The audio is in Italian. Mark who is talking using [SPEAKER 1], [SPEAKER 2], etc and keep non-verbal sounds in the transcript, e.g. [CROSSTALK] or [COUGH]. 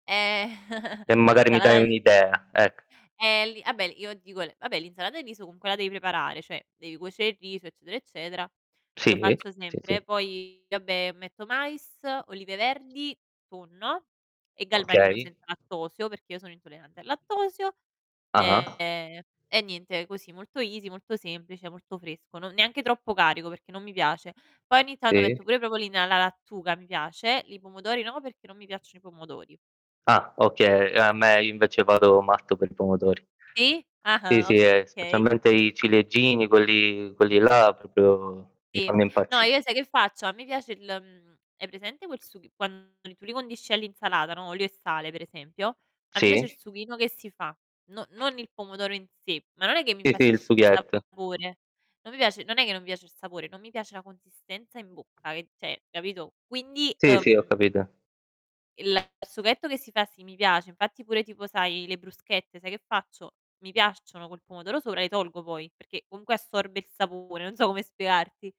[SPEAKER 1] Ehm,
[SPEAKER 2] E
[SPEAKER 1] [CHUCKLES]
[SPEAKER 2] magari mi dai
[SPEAKER 1] l'insalata di
[SPEAKER 2] un'idea, ec
[SPEAKER 1] Ehm, lì ah beh, il io dico le vabbè l'insalata di riso comunque la devi preparare, cioè devi cuocere il riso eccetera eccetera. Lo
[SPEAKER 2] Sì,
[SPEAKER 1] faccio
[SPEAKER 2] sì, sì.
[SPEAKER 1] sempre poi vabbè metto mais, olive verdi, tonno e galbanino
[SPEAKER 2] Okay.
[SPEAKER 1] senza lattosio, perché io sono intollerante al lattosio,
[SPEAKER 2] Ah-ah.
[SPEAKER 1] ehm, e niente così molto easy, molto semplice, molto fresco, no neanche troppo carico, perché non mi piace. Poi ogni tanto
[SPEAKER 2] Sì.
[SPEAKER 1] metto pure i [UNINTELLIGIBLE] alla lattuga mi piace, li pomodori no perché non mi piacciono i pomodori.
[SPEAKER 2] Ah, okay, ehm, a me invece vado matto per i pomodori.
[SPEAKER 1] Sì,
[SPEAKER 2] Sì,
[SPEAKER 1] ah-ah,
[SPEAKER 2] sì, ehm,
[SPEAKER 1] okay.
[SPEAKER 2] specialmente i ciliegini, quelli quelli là proprio mi
[SPEAKER 1] Sì,
[SPEAKER 2] fanno
[SPEAKER 1] no
[SPEAKER 2] impazzi
[SPEAKER 1] io sai che faccio, a me piace il mhmm, hai presente quel sughi quando tu li condisci all'insalata, no, olio e sale per esempio, ma mi piace il
[SPEAKER 2] Sì.
[SPEAKER 1] sughino che si fa. No non il pomodoro in sé, ma non è che mi
[SPEAKER 2] Sì, sì, il
[SPEAKER 1] infastidisce il
[SPEAKER 2] sughetto.
[SPEAKER 1] sapore. Non mi piace non è che non piace il sapore, non mi piace la consistenza in bocca che cioè, capito, quindi,
[SPEAKER 2] Sì, sì, ho
[SPEAKER 1] uhm
[SPEAKER 2] capito.
[SPEAKER 1] Il sughetto che si fa sì mi piace, infatti pure tipo sai le bruschette, sai che faccio? Mi piacciono col pomodoro sopra le tolgo poi perché comunque assorbe il sapore, non so come spiegarti.